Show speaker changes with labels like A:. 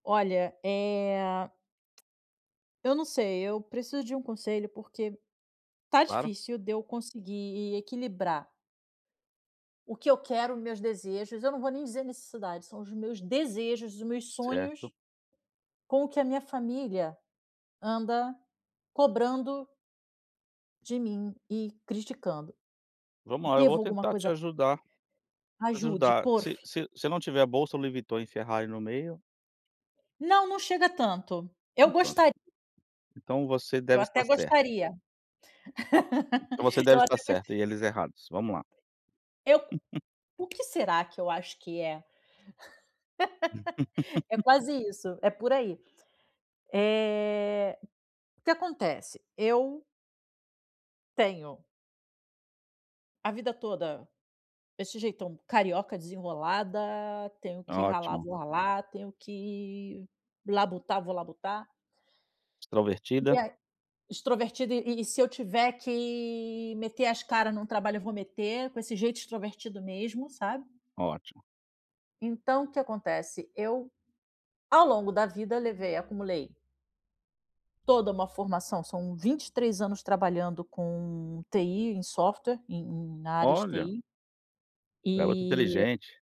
A: Olha, eh, eu não sei, eu preciso de um conselho, porque tá
B: Claro.
A: difícil de eu conseguir equilibrar o que eu quero, meus desejos, eu não vou nem dizer necessidade, são os meus desejos, os meus
B: Certo.
A: sonhos, com o que a minha família anda cobrando de mim e criticando.
B: Vamos lá, eu vou
A: Devo alguma
B: tentar te
A: coisa
B: ajudar vou te
A: Ajude,
B: ajudar.
A: por
B: Se
A: f
B: se se eu não tiver bolsa Louis Vuitton e Ferrari no meio
A: Não, não chega a tanto. Eu
B: Então pronto.
A: gostar
B: Então você
A: Eu
B: deve
A: até
B: estar certa.
A: gostaria.
B: Então você deve
A: Eu
B: estar
A: até gos
B: certa e eles errados, vamos lá.
A: Eu o que será que eu acho que é? É quase isso, é por aí. Eh, o que acontece? Eu tenho a vida toda esse jeitão carioca desenrolada, tenho
B: Ah,
A: que ralar,
B: ótimo.
A: vou ralar, tenho que labutar, vou labutar. E
B: Extrovertida.
A: aí extrovertida e e se eu tiver que meter as cara num trabalho eu vou meter com esse jeito extrovertido mesmo, sabe.
B: Ótimo.
A: Então o que acontece? Eu, ao longo da vida, levei acumulei toda uma formação, são 23 anos trabalhando com TI em software, em em na área de
B: Olha.
A: TI.
B: Garota
A: E
B: inteligente.